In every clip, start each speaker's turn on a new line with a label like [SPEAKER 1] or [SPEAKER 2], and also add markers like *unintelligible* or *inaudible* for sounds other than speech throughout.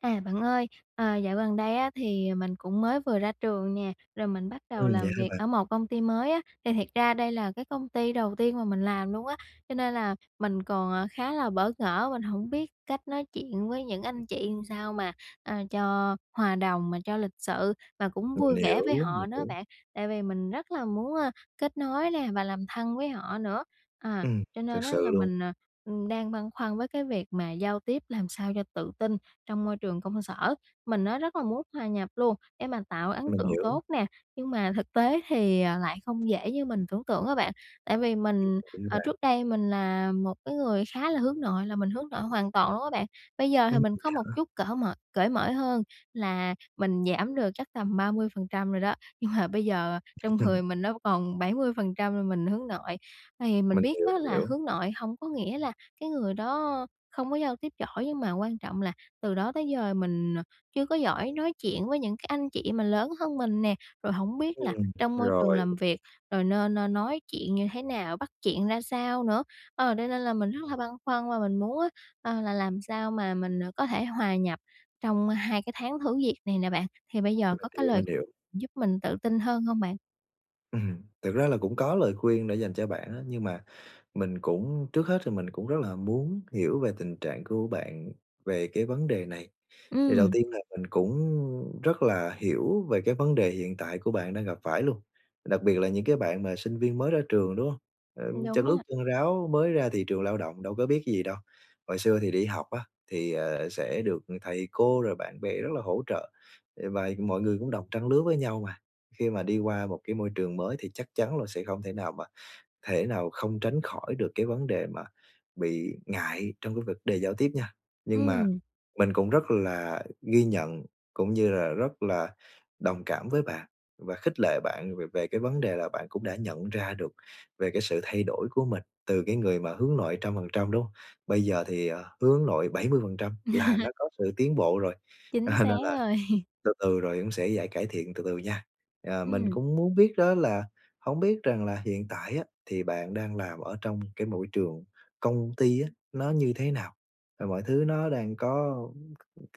[SPEAKER 1] À, bạn ơi, ờ, dạo gần đây á, thì mình cũng mới vừa ra trường nè, rồi mình bắt đầu
[SPEAKER 2] Ừm, vậy
[SPEAKER 1] làm
[SPEAKER 2] hả
[SPEAKER 1] việc
[SPEAKER 2] bạn?
[SPEAKER 1] ở một công ty mới á, thì thiệt ra đây là cái công ty đầu tiên mà mình làm luôn á, cho nên là mình còn, à, khá là bỡ ngỡ, mình hổng biết cách nói chuyện với những anh, chị làm sao mà, a, cho hòa đồng mà cho lịch sự mà cũng
[SPEAKER 2] Mình
[SPEAKER 1] vui vẻ với
[SPEAKER 2] hiểu, mình
[SPEAKER 1] họ nữa
[SPEAKER 2] hiểu.
[SPEAKER 1] bạn, tại vì mình rất là muốn, a, kết nối nè và làm thân với họ nữa, à,
[SPEAKER 2] Ừm,
[SPEAKER 1] cho
[SPEAKER 2] thực
[SPEAKER 1] nên á
[SPEAKER 2] sự
[SPEAKER 1] là
[SPEAKER 2] luôn.
[SPEAKER 1] mình, ờ, ừm, đang băn khoăn với cái việc mà giao tiếp làm sao cho tự tin trong môi trường công sở. Mình á, rất là muốn hòa nhập luôn để mà tạo ấn
[SPEAKER 2] Mình
[SPEAKER 1] tượng
[SPEAKER 2] hiểu.
[SPEAKER 1] tốt nè, nhưng mà thực tế thì, à, lại không dễ như mình tưởng tượng á bạn tại vì
[SPEAKER 2] Ừm,
[SPEAKER 1] mình,
[SPEAKER 2] đúng á
[SPEAKER 1] ờ,
[SPEAKER 2] bạn?
[SPEAKER 1] trước đây mình là một cái người khá là hướng nội là mình hướng nội hoàn toàn luôn á bạn, bây giờ thì
[SPEAKER 2] Ừm,
[SPEAKER 1] mình
[SPEAKER 2] vậy
[SPEAKER 1] có một
[SPEAKER 2] hả?
[SPEAKER 1] chút cở mời cởi mở hơn là mình giảm được chắc tầm 30% rồi đó, nhưng mà bây giờ, à, trong người
[SPEAKER 2] *chuckles*
[SPEAKER 1] mình nó còn 70% là mình hướng nội. Thì mình
[SPEAKER 2] Mình
[SPEAKER 1] biết
[SPEAKER 2] hiểu,
[SPEAKER 1] á,
[SPEAKER 2] mình
[SPEAKER 1] là
[SPEAKER 2] hiểu.
[SPEAKER 1] hướng nội hổng có nghĩa là cái người đó không có giao tiếp giỏi nhưng mà quan trọng là từ đó tới giờ mình, ờ, chưa có giỏi nói chuyện với những cái anh, chị mà lớn hơn mình nè, rồi hổng biết là
[SPEAKER 2] Ừm.
[SPEAKER 1] trong môi trường
[SPEAKER 2] Rồi.
[SPEAKER 1] làm việc rồi nên, ơ, nói chuyện như thế nào? Bắt chuyện ra sao nữa? Ờ, đây nên là mình rất là băn khoăn và mình muốn á, ờ, là làm sao mà mình, à, có thể hòa nhập trong 2 cái tháng thử việc này nè bạn, thì bây giờ
[SPEAKER 2] Mình
[SPEAKER 1] có cái
[SPEAKER 2] hiểu,
[SPEAKER 1] lời
[SPEAKER 2] mình
[SPEAKER 1] khuyên
[SPEAKER 2] hiểu.
[SPEAKER 1] giúp mình tự tin hơn hông bạn?
[SPEAKER 2] Ừm. Thực ra là cũng có lời khuyên để dành cho bạn á, nhưng mà mình cũng trước hết thì mình cũng rất là muốn hiểu về tình trạng của bạn về cái vấn đề này. Thì đầu
[SPEAKER 1] Ừm.
[SPEAKER 2] tiên là mình cũng, ư, rất là hiểu về cái vấn đề hiện tại của bạn đang gặp phải luôn, đặc biệt là những cái bạn mà sinh viên mới ra trường, đúng hông? Ờm, chân
[SPEAKER 1] Đúng
[SPEAKER 2] ướt
[SPEAKER 1] á.
[SPEAKER 2] chân ráo mới ra thị trường lao động đâu có biết cái gì đâu. Hồi xưa thì đi học á thì, ờ, sẽ được thầy cô rồi bạn bè rất là hỗ trợ, ừ, vài mọi người cũng đồng trang lứa với nhau mà. Khi mà đi qua một cái môi trường mới thì chắc chắn là sẽ không thể nào mà thể nào không tránh khỏi được cái vấn đề mà bị ngại trong cái vật đề giao tiếp nha. Nhưng mà
[SPEAKER 1] Ừm.
[SPEAKER 2] mình cũng rất là ghi nhận, cũng như là rất là đồng cảm với bạn và khích lệ bạn về về cái vấn đề là bạn cũng đã nhận ra được về cái sự thay đổi của mình từ cái người mà hướng nội trăm phần trăm, đúng hông? Bây giờ thì, à, hướng nội 70%, là nó
[SPEAKER 1] *laughs*
[SPEAKER 2] có sự tiến bộ rồi,
[SPEAKER 1] Chính
[SPEAKER 2] à,
[SPEAKER 1] xác
[SPEAKER 2] nên là
[SPEAKER 1] rồi. *laughs*
[SPEAKER 2] từ từ rồi cũng sẽ giải cải thiện từ từ nha. À, mình
[SPEAKER 1] Ừm.
[SPEAKER 2] cũng muốn biết đó là hổng biết rằng là hiện tại á, thì bạn đang làm ở trong cái mỗi trường công ty á, nó như thế nào? Và mọi thứ nó đang có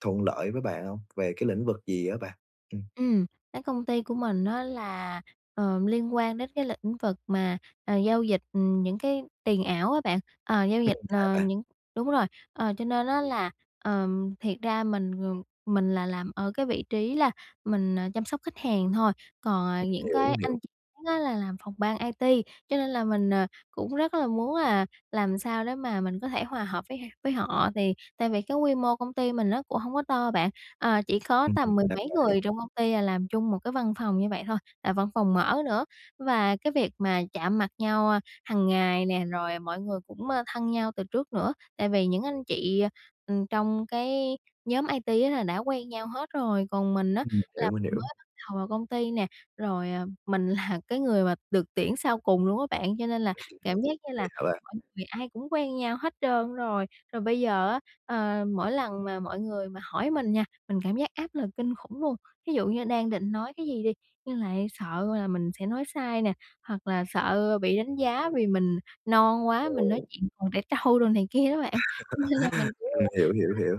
[SPEAKER 2] thuận lợi với bạn hông? Về cái lĩnh vực gì á bạn? Ừm.
[SPEAKER 1] Ừm, cái công ty của mình á là, ờm, liên quan đến cái lĩnh vực mà, ờ, giao dịch những cái tiền ảo á bạn. Ờ, giao
[SPEAKER 2] Ừm,
[SPEAKER 1] dịch,
[SPEAKER 2] vậy hả
[SPEAKER 1] ờ,
[SPEAKER 2] bạn?
[SPEAKER 1] những đúng rồi, ờ, cho nên á là, ờm, thiệt ra mình, ừm, mình là làm ở cái vị trí là mình, à, chăm sóc khách hàng thôi, còn, à,
[SPEAKER 2] Mình
[SPEAKER 1] những
[SPEAKER 2] hiểu,
[SPEAKER 1] cái
[SPEAKER 2] hiểu.
[SPEAKER 1] anh chị khác á là làm phòng ban IT, cho nên là mình, ờ, cũng rất là muốn là làm sao để mà mình có thể hòa hợp với h với họ. Thì tại vì cái quy mô công ty mình nó cũng hổng có to bạn, ờ, chỉ có
[SPEAKER 2] Ừm,
[SPEAKER 1] tầm mười
[SPEAKER 2] ra
[SPEAKER 1] mấy
[SPEAKER 2] vậy.
[SPEAKER 1] người trong công ty là làm chung một cái văn phòng như vậy thôi, là văn phòng mở nữa. Và cái việc mà chạm mặt nhau, a, hằng ngày nè, rồi mọi người cũng, ơ, thân nhau từ trước nữa, tại vì những anh chị, à, ừm, trong cái nhóm IT á là đã quen nhau hết rồi, còn mình á
[SPEAKER 2] Ừm, mình
[SPEAKER 1] là
[SPEAKER 2] hiểu, mình
[SPEAKER 1] mình
[SPEAKER 2] hiểu.
[SPEAKER 1] mới bắt đầu vào công ty nè, rồi, à, mình là cái người mà được tuyển sau cùng luôn á bạn, cho nên là
[SPEAKER 2] *laughs*
[SPEAKER 1] cảm giác như
[SPEAKER 2] Vậy
[SPEAKER 1] là
[SPEAKER 2] hả bạn?
[SPEAKER 1] mọi người ai cũng quen nhau hết trơn rồi. Rồi bây giờ á, ờ, mỗi lần mà mọi người mà hỏi mình nha, mình cảm giác áp lực kinh khủng luôn. Thí dụ như đang định nói cái gì đi, nhưng lại sợ là mình sẽ nói sai nè, hoặc là sợ bị đánh giá vì mình non quá, mình nói
[SPEAKER 2] Ồ.
[SPEAKER 1] chuyện còn trẻ trâu đồ này kia đó bạn, cho nên là mình cũng,
[SPEAKER 2] *laughs* Ừm, mình hiểu, hiểu, hiểu.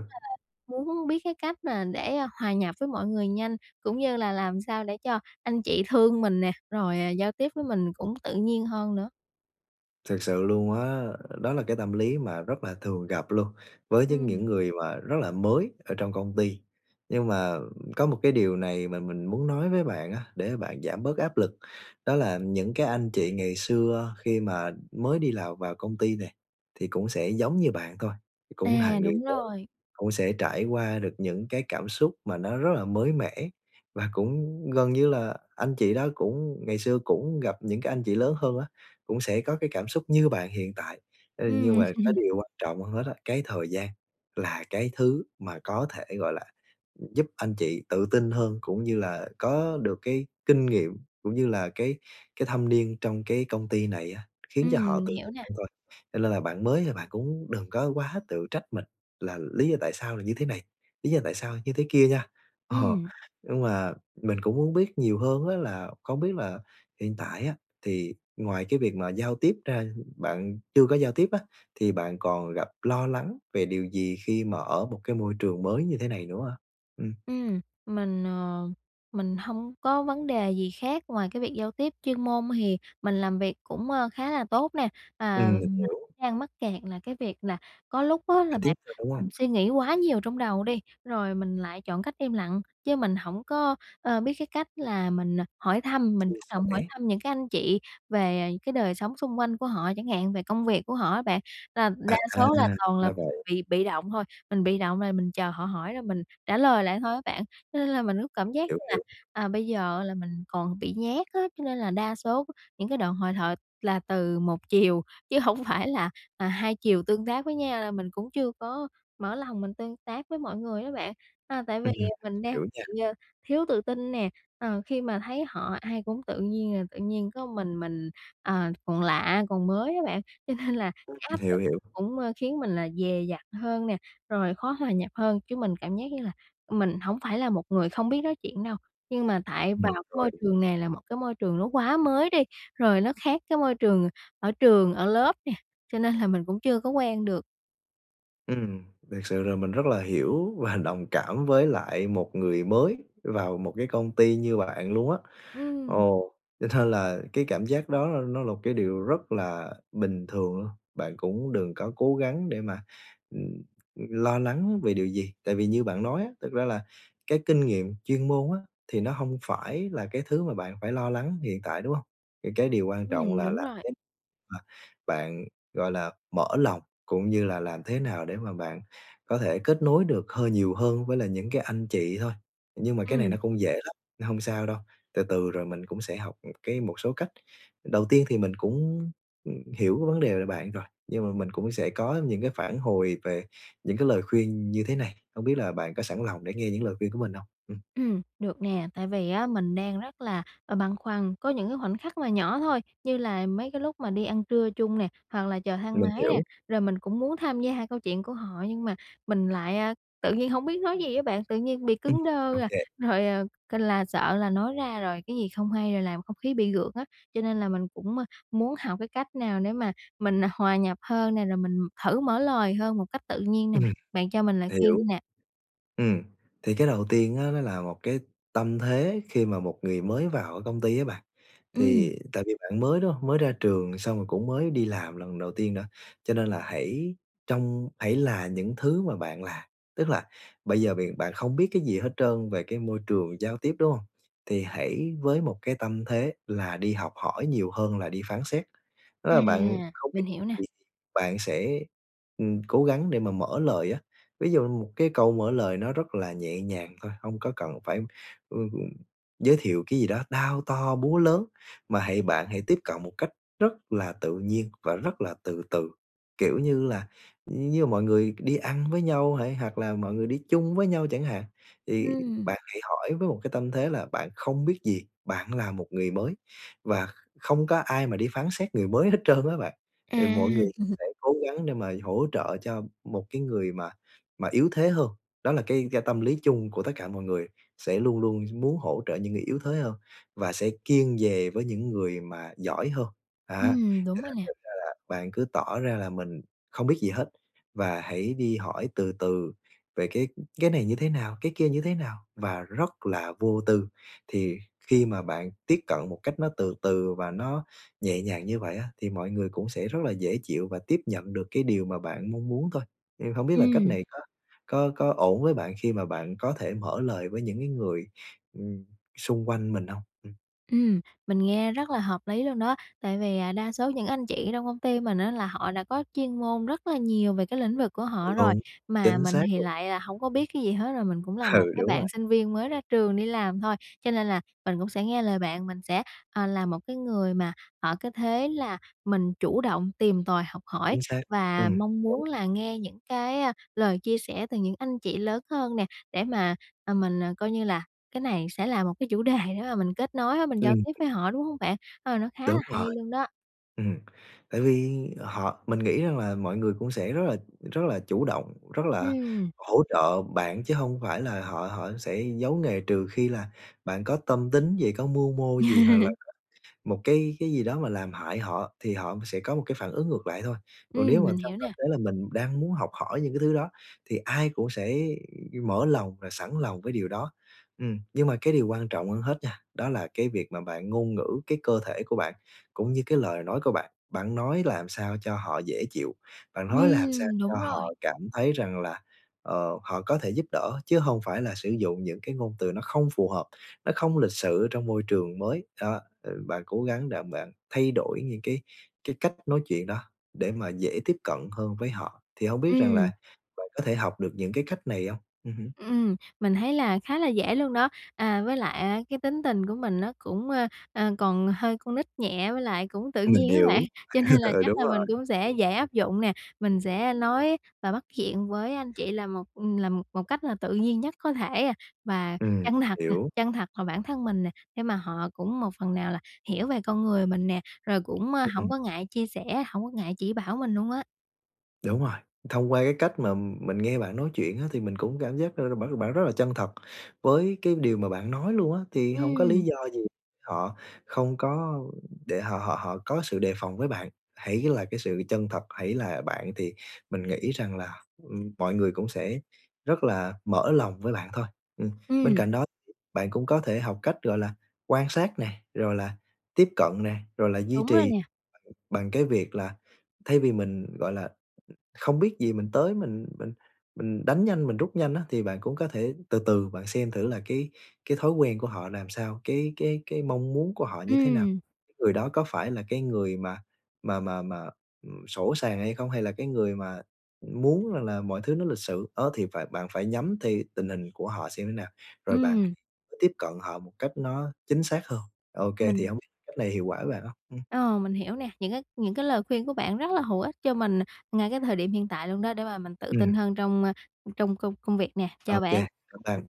[SPEAKER 1] nói chung là, muốn biết cái cách mà để, a, hòa nhập với mọi người nhanh, cũng như là làm sao để cho anh chị thương mình nè, rồi, à, giao tiếp với mình cũng tự nhiên hơn nữa.
[SPEAKER 2] Thực sự luôn á, đó là cái tâm lý mà rất là thường gặp luôn với nhưng
[SPEAKER 1] Ừm.
[SPEAKER 2] những người mà rất là mới ở trong công ty. Nhưng mà có một cái điều này mà mình muốn nói với bạn á, để bạn giảm bớt áp lực, đó là những cái anh chị ngày xưa khi mà mới đi lào vào công ty nè thì cũng sẽ giống như bạn thôi, cũng là
[SPEAKER 1] À,
[SPEAKER 2] người
[SPEAKER 1] đúng
[SPEAKER 2] mới,
[SPEAKER 1] rồi.
[SPEAKER 2] cũng sẽ trải qua được những cái cảm xúc mà nó rất là mới mẻ và cũng gần như là anh chị đó cũng ngày xưa cũng gặp những cái anh chị lớn hơn á, cũng sẽ có cái cảm xúc như bạn hiện tại. Ơ, nhưng
[SPEAKER 1] Ừm.
[SPEAKER 2] mà cái
[SPEAKER 1] *laughs*
[SPEAKER 2] điều quan trọng hơn hết á, cái thời gian là cái thứ mà có thể, gọi là, giúp anh chị tự tin hơn cũng như là có được cái kinh nghiệm, cũng như là cái cái thâm niên trong cái công ty này á, khiến cho
[SPEAKER 1] Ừm,
[SPEAKER 2] họ
[SPEAKER 1] mình
[SPEAKER 2] tự
[SPEAKER 1] hiểu
[SPEAKER 2] tin
[SPEAKER 1] nè.
[SPEAKER 2] hơn thôi. Cho lên là bạn mới là bạn cũng đừng có quá tự trách mình là lý do tại sao là như thế này, lý do tại sao như thế kia nha. Ờ,
[SPEAKER 1] Ừm.
[SPEAKER 2] nhưng mà mình cũng muốn biết nhiều hơn á là không biết là hiện tại á thì ngoài cái việc mà giao tiếp ra, bạn chưa có giao tiếp á, thì bạn còn gặp lo lắng về điều gì khi mà ở một cái môi trường mới như thế này nữa ha? Ừm.
[SPEAKER 1] Ừm, mình, ờ mình hông có vấn đề gì khác ngoài cái việc giao tiếp, chuyên môn hì mình làm việc cũng, ơ, khá là tốt nè.
[SPEAKER 2] Ừm,
[SPEAKER 1] À,
[SPEAKER 2] mình
[SPEAKER 1] mình
[SPEAKER 2] hiểu.
[SPEAKER 1] đang mắc kẹt là cái việc là có lúc á là
[SPEAKER 2] Giao tiếp
[SPEAKER 1] bản
[SPEAKER 2] thôi, đúng hông?
[SPEAKER 1] mình suy nghĩ quá nhiều trong đầu đi, rồi mình lại chọn cách im lặng chứ mình hổng có, ơ, biết cái cách là mình hỏi thăm, mình
[SPEAKER 2] Chia
[SPEAKER 1] chủ động hỏi
[SPEAKER 2] sẻ.
[SPEAKER 1] thăm những cái anh chị về cái đời sống xung quanh của họ chẳng hạn, về công việc của họ á bạn, là đa
[SPEAKER 2] À,
[SPEAKER 1] số là toàn
[SPEAKER 2] là
[SPEAKER 1] là *unintelligible*
[SPEAKER 2] vậy.
[SPEAKER 1] bị bị động thôi. Mình bị động là mình chờ họ hỏi là mình trả lời lại thôi á bạn, lên là mình cứ cảm giác
[SPEAKER 2] Hiểu,
[SPEAKER 1] như là,
[SPEAKER 2] hiểu.
[SPEAKER 1] à, bây giờ là mình còn bị nhát á, cho nên là đa số những cái đoạn hội thoại là từ một chiều chứ hổng phải là, à, hai chiều tương tác với nhau, là mình cũng chưa có mở lòng mình tương tác với mọi người đó bạn. À, tại vì,
[SPEAKER 2] Ừm, ừm.
[SPEAKER 1] à, mình đang
[SPEAKER 2] Hiểu nha.
[SPEAKER 1] bị, ờ, thiếu tự tin nè, ờ, khi mà thấy họ ai cũng tự nhiên là tự nhiên có mình mình, ờ, còn lạ, còn mới á bạn, cho nên là áp lực
[SPEAKER 2] Hiểu, hiểu.
[SPEAKER 1] cũng, ơ, khiến mình là dè dặt hơn nè, rồi khó hòa nhập hơn, chứ mình cảm giác như là mình hổng phải là một người không biết nói chuyện đâu, nhưng mà tại vào
[SPEAKER 2] Ừm,
[SPEAKER 1] cái
[SPEAKER 2] rồi.
[SPEAKER 1] môi trường nè là một cái môi trường nó quá mới đi, rồi nó khác cái môi trường ở trường, ở lớp nè, cho nên là mình cũng chưa có quen được.
[SPEAKER 2] Ừm, thiệt sự là mình rất là hiểu và đồng cảm với lại một người mới vào một cái công ty như bạn luôn á.
[SPEAKER 1] Ừm.
[SPEAKER 2] Ồ, cho nên là cái cảm giác đó l nó là một cái điều rất là bình thường luôn, bạn cũng đừng có cố gắng để mà, ừm, ừm, lo lắng về điều gì. Tại vì như bạn nói á, thực ra là cái kinh nghiệm chuyên môn á, thì nó hông phải là cái thứ mà bạn phải lo lắng hiện tại, đúng hông? Thì cái điều quan trọng
[SPEAKER 1] Ừm,
[SPEAKER 2] là
[SPEAKER 1] đúng
[SPEAKER 2] làm
[SPEAKER 1] rồi.
[SPEAKER 2] thế mà bạn, gọi là, mở lòng cũng như là làm thế nào để mà bạn có thể kết nối được hơi nhiều hơn với lại những cái anh chị thôi. Nhưng mà cái này nó
[SPEAKER 1] Ừm.
[SPEAKER 2] cũng dễ lắm, nên hông sao đâu, từ từ rồi mình cũng sẽ học, ừm, cái một số cách. Đầu tiên thì mình cũng, ừm, hiểu cái vấn đề về bạn rồi, nhưng mà mình cũng sẽ có những cái phản hồi về những cái lời khuyên như thế này, hông biết là bạn có sẵn lòng để nghe những lời khuyên của mình hông? Ừm.
[SPEAKER 1] Ừm, được nè. Tại vì á mình đang rất là, a, băn khoăn, có những cái khoảnh khắc mà nhỏ thôi, như là mấy cái lúc mà đi ăn trưa chung nè, hoặc là chờ thang
[SPEAKER 2] Mình
[SPEAKER 1] máy nè,
[SPEAKER 2] hiểu.
[SPEAKER 1] rồi mình cũng muốn tham gia câu chuyện của họ nhưng mà mình lại, a, tự nhiên hông biết nói gì á bạn, tự nhiên bị
[SPEAKER 2] Ừm,
[SPEAKER 1] cứng đơ à,
[SPEAKER 2] OK.
[SPEAKER 1] rồi, ờ, c là sợ là nói ra rồi cái gì không hay rồi làm không khí bị gượng á. Cho nên là mình cũng, a, muốn học cái cách nào để mà mình, à, hòa nhập hơn nè, rồi mình thử mở lời hơn một cách tự nhiên nè
[SPEAKER 2] Ừm,
[SPEAKER 1] bạn. Bạn cho mình lời khuyên đi
[SPEAKER 2] hiểu.
[SPEAKER 1] nè.
[SPEAKER 2] Ừm, thì cái đầu tiên á, nó là một cái tâm thế khi mà một người mới vào ở công ty á bạn.
[SPEAKER 1] Ừm.
[SPEAKER 2] Thì tại vì bạn mới, đúng hông? Mới ra trường xong rồi cũng mới đi làm lần đầu tiên nữa, cho nên là hãy trong hãy là những thứ mà bạn là. Tức là bây giờ b bạn không biết cái gì hết trơn về cái môi trường giao tiếp, đúng hông? Thì hãy với một cái tâm thế là đi học hỏi nhiều hơn là đi phán xét. Đó
[SPEAKER 1] À,
[SPEAKER 2] là bạn không biết
[SPEAKER 1] mình hiểu nè.
[SPEAKER 2] gì, bạn sẽ, ừm, cố gắng để mà mở lời á. Ví dụ một cái câu mở lời nó rất là nhẹ nhàng thôi, hông có cần phải, ừm, ừm, giới thiệu cái gì đó đao to, búa lớn, mà hãy bạn hãy tiếp cận một cách rất là tự nhiên và rất là từ từ. Kiểu như là, như mọi người đi ăn với nhau hay hoặc là mọi người đi chung với nhau chẳng hạn, thì
[SPEAKER 1] Ừm.
[SPEAKER 2] bạn hãy hỏi với một cái tâm thế là bạn không biết gì, bạn là một người mới. Và không có ai mà đi phán xét người mới hết trơn á bạn.
[SPEAKER 1] À.
[SPEAKER 2] Thì mọi người
[SPEAKER 1] *chuckles*
[SPEAKER 2] sẽ cố gắng để mà hỗ trợ cho một cái người mà mà yếu thế hơn, đó là cái ga tâm lý chung của tất cả mọi người, sẽ luôn luôn muốn hỗ trợ những người yếu thế hơn và sẽ kiêng dè với những người mà giỏi hơn, á.
[SPEAKER 1] Ừm, đúng
[SPEAKER 2] Thực
[SPEAKER 1] rồi
[SPEAKER 2] ra
[SPEAKER 1] nè.
[SPEAKER 2] thực ra là bạn cứ tỏ ra là mình không biết gì hết và hãy đi hỏi từ từ về cái, ừm, cái này như thế nào, cái kia như thế nào, và rất là vô tư. Thì khi mà bạn tiếp cận một cách nó từ từ và nó nhẹ nhàng như vậy á, thì mọi người cũng sẽ rất là dễ chịu và tiếp nhận được cái điều mà bạn mong muốn thôi. Ừm, hông biết là cách
[SPEAKER 1] Ừm.
[SPEAKER 2] này có có có ổn với bạn khi mà bạn có thể mở lời với những cái người, ừm, xung quanh mình hông? Ừm.
[SPEAKER 1] Ừm, mình nghe rất là hợp lý luôn đó. Tại vì, à, đa số những anh chị ở trong công ty mình á là họ đã có chuyên môn rất là nhiều về cái lĩnh vực của họ rồi.
[SPEAKER 2] Đúng,
[SPEAKER 1] Mà
[SPEAKER 2] chính
[SPEAKER 1] mình
[SPEAKER 2] xác
[SPEAKER 1] thì
[SPEAKER 2] luôn.
[SPEAKER 1] lại là hổng có biết cái gì hết, rồi mình cũng là
[SPEAKER 2] Ừ,
[SPEAKER 1] một cái
[SPEAKER 2] đúng rồi.
[SPEAKER 1] bạn sinh viên mới ra trường đi làm thôi. Cho nên là mình cũng sẽ nghe lời bạn, mình sẽ, ờ, làm một cái người mà ở cái thế là mình chủ động tìm tòi, học hỏi
[SPEAKER 2] Chính xác.
[SPEAKER 1] và
[SPEAKER 2] Ừm.
[SPEAKER 1] mong
[SPEAKER 2] Đúng.
[SPEAKER 1] muốn là nghe những cái, a, lời chia sẻ từ những anh chị lớn hơn nè, để mà, à, mình, à, coi như là cái này sẽ là một cái chủ đề để mà mình kết nối á, mình giao
[SPEAKER 2] Ừm.
[SPEAKER 1] tiếp với họ, đúng hông bạn? Ờ, nó khá là
[SPEAKER 2] Đúng
[SPEAKER 1] hay
[SPEAKER 2] rồi.
[SPEAKER 1] luôn đó.
[SPEAKER 2] Ừm, tại vì, ờ, họ mình nghĩ rằng là mọi người cũng sẽ rất là rất là chủ động, rất là
[SPEAKER 1] Ừm.
[SPEAKER 2] hỗ trợ bạn chứ hông phải là họ họ sẽ giấu nghề. Trừ khi là bạn có tâm tính gì, có mưu mô gì hoặc là
[SPEAKER 1] *laughs*
[SPEAKER 2] có một cái cái gì đó mà làm hại họ thì họ sẽ có một cái phản ứng ngược lại thôi. Còn nếu
[SPEAKER 1] Ừm,
[SPEAKER 2] mà
[SPEAKER 1] mình
[SPEAKER 2] trong
[SPEAKER 1] hiểu
[SPEAKER 2] tâm
[SPEAKER 1] nè.
[SPEAKER 2] thế là mình đang muốn học hỏi những cái thứ đó thì ai cũng sẽ mở lòng và sẵn lòng với điều đó. Ừm, nhưng mà cái điều quan trọng hơn hết nha, đó là cái việc mà bạn ngôn ngữ cái cơ thể của bạn cũng như cái lời nói của bạn, bạn nói làm sao cho họ dễ chịu, bạn nói làm sao
[SPEAKER 1] Ừm,
[SPEAKER 2] cho
[SPEAKER 1] đúng rồi.
[SPEAKER 2] họ cảm thấy rằng là, ờ, họ có thể giúp đỡ chứ hông phải là sử dụng những cái ngôn từ nó không phù hợp, nó không lịch sự ở trong môi trường mới. Đó, ờ, bạn cố gắng đặng bạn thay đổi những cái cái cách nói chuyện đó để mà dễ tiếp cận hơn với họ. Thì hông biết rằng là
[SPEAKER 1] Ừm.
[SPEAKER 2] bạn có thể học được những cái cách này hông? Ừm hứm.
[SPEAKER 1] Ừm, mình thấy là khá là dễ luôn đó. À, với lại á cái tính tình của mình nó cũng, ờ, ờ, còn hơi con nít nhẹ với lại cũng tự
[SPEAKER 2] Mình
[SPEAKER 1] nhiên á bạn,
[SPEAKER 2] hiểu.
[SPEAKER 1] cho nên
[SPEAKER 2] *laughs*
[SPEAKER 1] là
[SPEAKER 2] Ừ,
[SPEAKER 1] chắc
[SPEAKER 2] đúng
[SPEAKER 1] là
[SPEAKER 2] rồi.
[SPEAKER 1] mình cũng sẽ dễ áp dụng nè. Mình sẽ, a, nói và bắt chuyện với anh chị là một, ừm, là một một cách là tự nhiên nhất có thể, à, và
[SPEAKER 2] Ừm,
[SPEAKER 1] chân thật nè,
[SPEAKER 2] hiểu.
[SPEAKER 1] chân thật vào bản thân mình nè. Để mà họ cũng một phần nào là hiểu về con người mình nè, rồi cũng, a,
[SPEAKER 2] Ưm,
[SPEAKER 1] hổng
[SPEAKER 2] ừm.
[SPEAKER 1] có ngại chia sẻ, hổng có ngại chỉ bảo mình luôn á.
[SPEAKER 2] Đúng rồi. Thông qua cái cách mà, ừm, mình nghe bạn nói chuyện á, thì mình cũng cảm giác rà rà bạn bạn rất là chân thật với cái điều mà bạn nói luôn á, thì hổng có lý
[SPEAKER 1] Ừm.
[SPEAKER 2] do gì họ không có để họ họ họ có sự đề phòng với bạn. Hãy là cái sự chân thật, hãy là bạn, thì mình nghĩ rằng là, ừm, mọi người cũng sẽ rất là mở lòng với bạn thôi. Ừm, bên
[SPEAKER 1] Ừm.
[SPEAKER 2] cạnh đó thì bạn cũng có thể học cách, gọi là, quan sát nè, rồi là tiếp cận nè, rồi là duy
[SPEAKER 1] Đúng rồi
[SPEAKER 2] trì
[SPEAKER 1] nè.
[SPEAKER 2] bằng bằng cái việc là thay vì mình, gọi là, không biết gì, mình tới mình mình mình đánh nhanh, mình rút nhanh á, thì bạn cũng có thể từ từ bạn xem thử là cái cái thói quen của họ làm sao, cái cái cái mong muốn của họ như thế nào.
[SPEAKER 1] Ừm.
[SPEAKER 2] Cái người đó có phải là cái người mà mà mà mà, ừm, sỗ sàng hay không, hay là cái người mà, ừm, muốn rằng là mọi thứ nó lịch sự, đó, thì phải bạn phải nhắm thì tình hình của họ xem như nào, rồi bạn
[SPEAKER 1] Ừm.
[SPEAKER 2] hãy tiếp cận họ một cách nó chính xác hơn. Ô kê, thì
[SPEAKER 1] Mình
[SPEAKER 2] hông biết cách này hiệu quả với bạn hông? Ừm.
[SPEAKER 1] Ờ, mình hiểu nè. Những cái những cái lời khuyên của bạn rất là hữu ích cho mình, à, ngay cái thời điểm hiện tại luôn đó, để mà mình tự
[SPEAKER 2] Ừm.
[SPEAKER 1] tin hơn trong, à, trong công công việc nè.
[SPEAKER 2] Ô
[SPEAKER 1] Chào
[SPEAKER 2] kê,
[SPEAKER 1] bạn!
[SPEAKER 2] cảm ơn bạn!